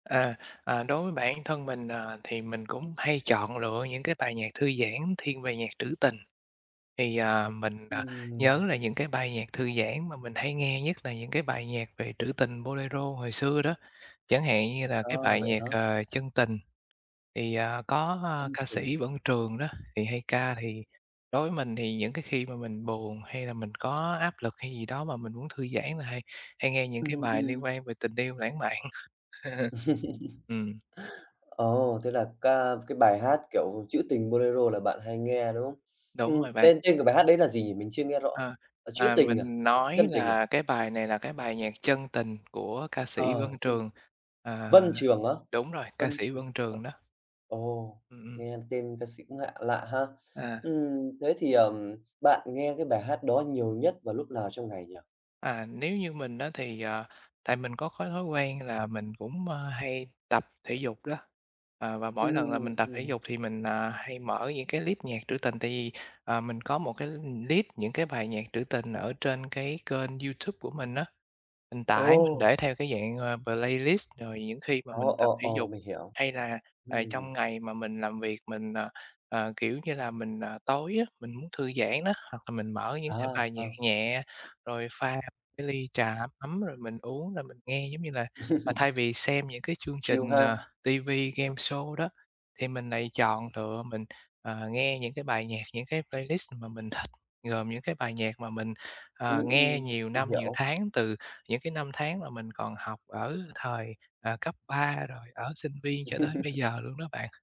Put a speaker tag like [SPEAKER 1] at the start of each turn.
[SPEAKER 1] À, à, đối với bản thân mình, ờ, thì mình cũng hay chọn lựa những cái bài nhạc thư giãn thiên về nhạc trữ tình. Thì, à, mình, à,
[SPEAKER 2] Ừm.
[SPEAKER 1] nhớ là những cái bài nhạc thư giãn mà mình hay nghe nhất là những cái bài nhạc về trữ tình bolero hồi xưa đó, chẳng hạn như là cái
[SPEAKER 2] Ờ,
[SPEAKER 1] bài
[SPEAKER 2] vậy
[SPEAKER 1] nhạc,
[SPEAKER 2] hả?
[SPEAKER 1] ờ, "Chân Tình", thì, à, có
[SPEAKER 2] Chân
[SPEAKER 1] ca
[SPEAKER 2] tình.
[SPEAKER 1] sĩ Vân Trường đó, thì hay ca, thì đối với mình thì những cái khi mà mình buồn hay là mình có áp lực hay gì đó mà mình muốn thư giãn là hay hay nghe những cái
[SPEAKER 2] Ừm,
[SPEAKER 1] bài liên
[SPEAKER 2] ừm.
[SPEAKER 1] quan về tình yêu lãng mạn. Ừm.
[SPEAKER 2] Ồ, thế là ca cái bài hát, kiểu, chữ tình bolero là bạn hay nghe, đúng hông?
[SPEAKER 1] Đúng
[SPEAKER 2] Ừm,
[SPEAKER 1] rồi bạn.
[SPEAKER 2] tên tên của bài hát đấy là gì nhỉ? Mình chưa nghe rõ,
[SPEAKER 1] Ờ,
[SPEAKER 2] ờ, "Trữ
[SPEAKER 1] à,
[SPEAKER 2] tình" à,
[SPEAKER 1] mình
[SPEAKER 2] à,
[SPEAKER 1] nói
[SPEAKER 2] "Chân tình" à?
[SPEAKER 1] là cái bài này là cái bài nhạc "Chân Tình" của ca sĩ Vân
[SPEAKER 2] Ờ, chân
[SPEAKER 1] Trường. Ờ,
[SPEAKER 2] Vân Trường á?
[SPEAKER 1] đúng rồi, ca
[SPEAKER 2] Vân
[SPEAKER 1] sĩ
[SPEAKER 2] Trường,
[SPEAKER 1] Vân
[SPEAKER 2] ờ.
[SPEAKER 1] Trường đó.
[SPEAKER 2] Ồ,
[SPEAKER 1] Ừm, ừm.
[SPEAKER 2] nghe tên ca sĩ cũng lạ lạ ha.
[SPEAKER 1] À.
[SPEAKER 2] Ừm, thế thì, ờm, bạn nghe cái bài hát đó nhiều nhất vào lúc nào trong ngày nhỉ?
[SPEAKER 1] À, nếu như mình á, thì, ờ, tại mình có cái thói quen là mình cũng, ơ, hay tập thể dục đó. Ờ, và mỗi lần là mình
[SPEAKER 2] Ừm,
[SPEAKER 1] tập thể
[SPEAKER 2] ừm.
[SPEAKER 1] dục thì mình, à, hay mở những cái list nhạc trữ tình, tại vì, ờ, mình có một cái list những cái bài nhạc trữ tình ở trên cái kênh YouTube của mình á. Mình tải mình
[SPEAKER 2] Ồ!
[SPEAKER 1] để theo cái dạng, à, playlist rồi những khi mà
[SPEAKER 2] Ồ,
[SPEAKER 1] mình tập
[SPEAKER 2] ồ,
[SPEAKER 1] thể
[SPEAKER 2] ồ,
[SPEAKER 1] dục
[SPEAKER 2] mình hiểu,
[SPEAKER 1] hay là, ờ,
[SPEAKER 2] ừm.
[SPEAKER 1] trong ngày mà mình làm việc mình, ờ, ờ, kiểu như là, mình, ờ tối á, mình muốn thư giãn đó, hoặc là mình mở những cái
[SPEAKER 2] Ờ,
[SPEAKER 1] bài nhạc
[SPEAKER 2] ờ.
[SPEAKER 1] nhẹ, rồi pha cái ly trà ấm rồi mình uống rồi mình nghe. Giống như là, à, thay vì xem những cái chương
[SPEAKER 2] Chill
[SPEAKER 1] trình, ờ,
[SPEAKER 2] ha.
[SPEAKER 1] TV, gameshow đó, thì mình lại chọn lựa mình, ờ, nghe những cái bài nhạc, những cái playlist mà mình thích, gồm những cái bài nhạc mà mình, ờ,
[SPEAKER 2] Ừm,
[SPEAKER 1] nghe
[SPEAKER 2] ừm,
[SPEAKER 1] nhiều
[SPEAKER 2] mình
[SPEAKER 1] năm, nhiều
[SPEAKER 2] hiểu.
[SPEAKER 1] tháng từ những cái năm tháng mà mình còn học ở thời, ờ, cấp 3 rồi ở sinh viên cho tới bây giờ luôn đó bạn.